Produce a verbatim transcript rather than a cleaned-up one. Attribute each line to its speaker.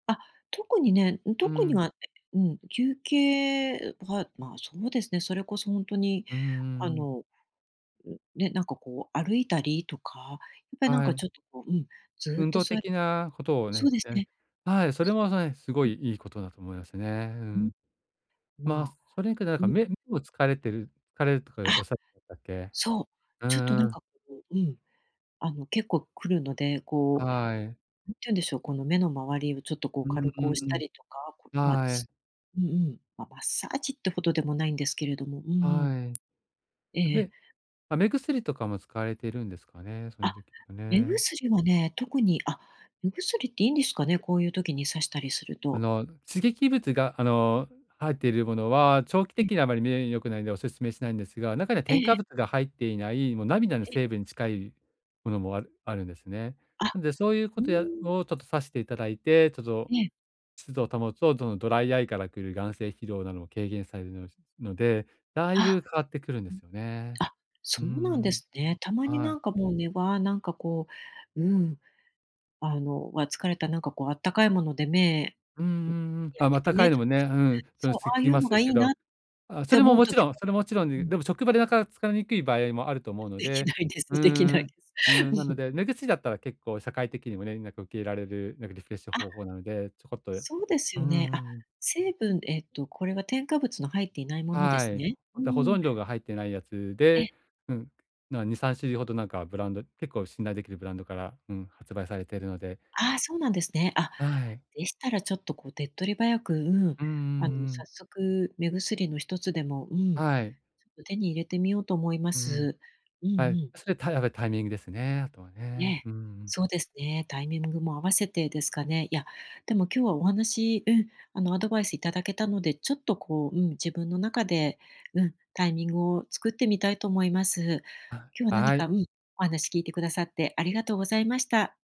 Speaker 1: あ、特にね、ん、
Speaker 2: うー
Speaker 1: 特に
Speaker 2: ん。
Speaker 1: はうん、休憩ん、は、ま、そうですね、それこそほんとに、
Speaker 2: うんう
Speaker 1: あ
Speaker 2: んうん。
Speaker 1: の、ん、ね、なんか、こう、歩いたりとか、やっぱり、なん
Speaker 2: は
Speaker 1: か、
Speaker 2: い。
Speaker 1: ちょっと、こう、うん、ずっ
Speaker 2: 運
Speaker 1: と
Speaker 2: 動
Speaker 1: 座り
Speaker 2: 的なことを
Speaker 1: そ
Speaker 2: ね、
Speaker 1: うです
Speaker 2: うん。
Speaker 1: ね、
Speaker 2: はい、それ
Speaker 1: そう、
Speaker 2: はそね、すご
Speaker 1: う
Speaker 2: い
Speaker 1: ん。
Speaker 2: いいことだと思いますね。う
Speaker 1: ん。
Speaker 2: ん。ま、
Speaker 1: まあ。
Speaker 2: それにくらなんか、
Speaker 1: う。
Speaker 2: 目目を疲れてる疲れるとか
Speaker 1: あ、
Speaker 2: おっしゃってたっけ。
Speaker 1: そう、
Speaker 2: う
Speaker 1: ちょっと、なん
Speaker 2: ーん。
Speaker 1: か、こう、うん、あの、結構くるので、こう、
Speaker 2: はい。
Speaker 1: なんて言うんでしょう、この目の周りをちょっと、こう、
Speaker 2: うん
Speaker 1: 軽
Speaker 2: う
Speaker 1: く押し
Speaker 2: んう
Speaker 1: たりとか、こ、
Speaker 2: ん。
Speaker 1: ま、
Speaker 2: はい。
Speaker 1: つうんうん、ま、マッサージってほどでもないんですけれども、うんうん。
Speaker 2: はい。
Speaker 1: え
Speaker 2: あ、
Speaker 1: え、え。
Speaker 2: で、あ、目薬とかも使われているんですかね、そういう
Speaker 1: あ、
Speaker 2: 時は
Speaker 1: 目
Speaker 2: ね。
Speaker 1: 薬はね、特に。あ、目薬っていいんですかね？こういう時にさしたりする
Speaker 2: あ
Speaker 1: と。
Speaker 2: の、刺激物が、あの、ん、入ってるものは、長期
Speaker 1: うん。
Speaker 2: 的にはあまり目に良くないんでお勧めしないんですが、中には
Speaker 1: ええ、
Speaker 2: 添
Speaker 1: え。
Speaker 2: 加物が入っていない、もう涙の
Speaker 1: え。
Speaker 2: 成分に近いものもあるあるんですね。
Speaker 1: あ、
Speaker 2: なんで、そういう
Speaker 1: う
Speaker 2: こ
Speaker 1: ー
Speaker 2: とや
Speaker 1: ん。
Speaker 2: を、ちょっとさしていただいて、ちょっ
Speaker 1: え
Speaker 2: と
Speaker 1: え。
Speaker 2: 湿度を保つと、どの、ドライアイから来る眼精疲労なども軽減されるのので、だい
Speaker 1: あ、
Speaker 2: ぶ変わってくるんで
Speaker 1: う
Speaker 2: す
Speaker 1: ん。
Speaker 2: よね。
Speaker 1: あ、
Speaker 2: うー
Speaker 1: そうなんで
Speaker 2: ん。
Speaker 1: すね。たまに、
Speaker 2: は
Speaker 1: な
Speaker 2: い。
Speaker 1: んか、もう、ね、わなんか、こううん。あの、わ、疲れたなんか、こう、あったかいもので目、
Speaker 2: うんう
Speaker 1: う、
Speaker 2: んうん。
Speaker 1: や
Speaker 2: あ、
Speaker 1: っ
Speaker 2: ま、
Speaker 1: てて
Speaker 2: 高い
Speaker 1: ね
Speaker 2: のもね、うん、その、
Speaker 1: そう、
Speaker 2: すっ
Speaker 1: ああ
Speaker 2: き
Speaker 1: い
Speaker 2: り
Speaker 1: う
Speaker 2: ます
Speaker 1: の
Speaker 2: で
Speaker 1: が
Speaker 2: す
Speaker 1: い
Speaker 2: け
Speaker 1: い
Speaker 2: ど、
Speaker 1: なっ
Speaker 2: あ、そ
Speaker 1: て
Speaker 2: れ
Speaker 1: 思
Speaker 2: も
Speaker 1: う
Speaker 2: もち
Speaker 1: 時
Speaker 2: ろん
Speaker 1: も
Speaker 2: それもちろんい
Speaker 1: う
Speaker 2: い、
Speaker 1: ん。
Speaker 2: でも職場でなか使いにくい場合もあると思うの
Speaker 1: でき
Speaker 2: で、
Speaker 1: ないです。
Speaker 2: うー
Speaker 1: できな
Speaker 2: ん、
Speaker 1: い。
Speaker 2: うーん、な
Speaker 1: う
Speaker 2: の
Speaker 1: ん。
Speaker 2: で、目薬だったら結構社会的にもね、なんか、受けられる、なんか、リフレッシュ
Speaker 1: あ、
Speaker 2: 方法なので、ちょこっとうん
Speaker 1: そうです
Speaker 2: う
Speaker 1: よね。あ、
Speaker 2: んうん。
Speaker 1: 成分えっと、これは、添加物の入っていないもので
Speaker 2: は
Speaker 1: す
Speaker 2: い、
Speaker 1: ね。う
Speaker 2: あ
Speaker 1: ん
Speaker 2: と、保
Speaker 1: うん。
Speaker 2: 存料が入ってないやつ
Speaker 1: え。
Speaker 2: で、うん、なんにさんしゅるいほど、なんかブランド結構信頼できるブランドから、うん、発売されてるので
Speaker 1: ああ、そうなんですね。あ、
Speaker 2: あ、はい。
Speaker 1: でしたらちょっと、こう、手っ取り早く、うん、
Speaker 2: うんうん、う
Speaker 1: あの、
Speaker 2: う
Speaker 1: 早
Speaker 2: ん。
Speaker 1: 速、目薬の一つでも、うん、ちょ
Speaker 2: はい。
Speaker 1: っと手に入れてみようと思いま
Speaker 2: うんうん。
Speaker 1: す、うんう
Speaker 2: はい、
Speaker 1: ん。
Speaker 2: それ、たいあべタイミングですね、あとはね。
Speaker 1: ね、
Speaker 2: うーん。
Speaker 1: そうですね、タイミングも合わせてですかね。いや、でも今日はお話、うん、あの、アドバイスいただけたので、ちょっと、こう、うん、自分の中で、うん、タイミングを作ってみたいと思います。
Speaker 2: あ、
Speaker 1: 今日は何
Speaker 2: は
Speaker 1: か、
Speaker 2: い。
Speaker 1: うん、お話聞いてくださって、ありがとうございました。